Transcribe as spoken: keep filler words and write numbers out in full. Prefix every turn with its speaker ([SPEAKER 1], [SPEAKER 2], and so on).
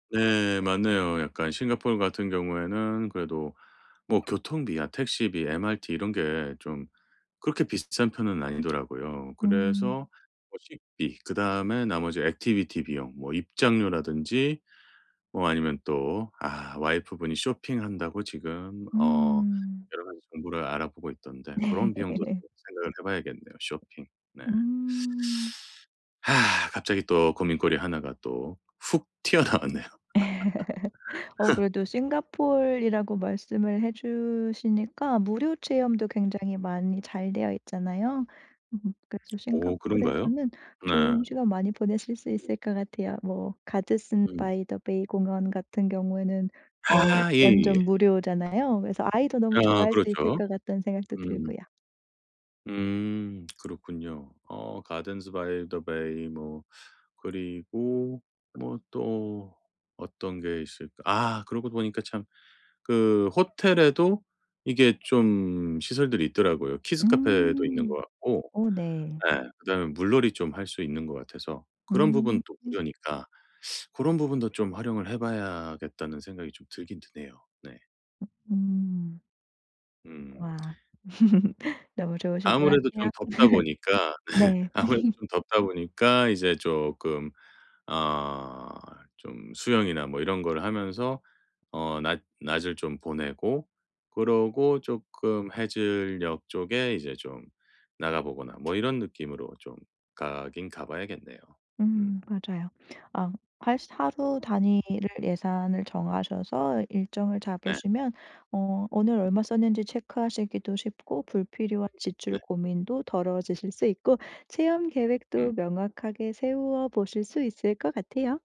[SPEAKER 1] 네 맞네요. 약간 싱가포르 같은 경우에는 그래도 뭐 교통비야 택시비 MRT 이런 게 좀 그렇게 비싼 편은 아니더라고요.
[SPEAKER 2] 음.
[SPEAKER 1] 그래서 뭐 식비 그다음에 나머지 액티비티 비용 뭐 입장료라든지 뭐 아니면 또 아 와이프 분이 쇼핑한다고 지금 어
[SPEAKER 2] 음.
[SPEAKER 1] 여러 가지 정보를 알아보고 있던데
[SPEAKER 2] 네.
[SPEAKER 1] 그런 비용도 좀 생각을 해 봐야겠네요. 쇼핑. 네
[SPEAKER 2] 음.
[SPEAKER 1] 아 갑자기 또 고민거리 하나 가 또 훅 튀어나왔네요.
[SPEAKER 2] 어 그래도 싱가포르라고 말씀을 해 주시니까 무료 체험도 굉장히 많이 잘 되어 있잖아요. 그래서
[SPEAKER 1] 오 그런가요?
[SPEAKER 2] 싱가포르에서는
[SPEAKER 1] 네.
[SPEAKER 2] 좋은 시간 많이 보내실 수 있을 것 같아요. 뭐 가드슨
[SPEAKER 1] 음.
[SPEAKER 2] 바이 더 베이 공원 같은 경우에는 뭐
[SPEAKER 1] 아 예예예.
[SPEAKER 2] 완전 무료잖아요. 그래서 '아이도 너무
[SPEAKER 1] 아
[SPEAKER 2] 좋아할 수 있을
[SPEAKER 1] 그렇죠.
[SPEAKER 2] 것 같다.'는 생각도
[SPEAKER 1] 음.
[SPEAKER 2] 들고요.
[SPEAKER 1] 음 그렇군요. 어 가든스 바이 더 베이 뭐 그리고 뭐 또 어떤 게 있을까. 아, 그러고 보니까 참 그 호텔에도 이게 좀 시설들이 있더라고요. 키즈 카페도 있는
[SPEAKER 2] 음
[SPEAKER 1] 것 같고
[SPEAKER 2] 어 네.
[SPEAKER 1] 예 그다음에 물놀이 좀 할 수 있는 것 같아서 그런
[SPEAKER 2] 음.
[SPEAKER 1] 부분 또 무료니까 '고런 부분도 좀 활용을 해 봐야겠다.'는 생각이 좀 들긴 드네요 네.
[SPEAKER 2] 음.
[SPEAKER 1] 음.
[SPEAKER 2] 와 너무 좋으실 것
[SPEAKER 1] 아무래도
[SPEAKER 2] 같아요.
[SPEAKER 1] 좀 덥다 보니까
[SPEAKER 2] 네.
[SPEAKER 1] 아무래도 좀 덥다 보니까 이제 쪼끔 어 좀 수영이나 뭐 이런 거를 하면서 어 낮 낮을 좀 보내고 그러고 쪼끔 해질녘 쪽에 이제 좀 나가 보거나 뭐 이런 느낌으로 좀 가긴 가 봐야겠네요.
[SPEAKER 2] 음
[SPEAKER 1] 음.
[SPEAKER 2] 맞아요. 아 할 수 하루 단위를 예산을 정하셔서 일정을
[SPEAKER 1] 네.
[SPEAKER 2] 잡으시면 어 오늘 얼마 썼는지 체크하시기도 쉽고 불필요한 지출
[SPEAKER 1] 네.
[SPEAKER 2] 고민도 덜어지실 수 있고 체험
[SPEAKER 1] 음.
[SPEAKER 2] 계획도 명확하게 세워 보실 수 있을 것 같아요.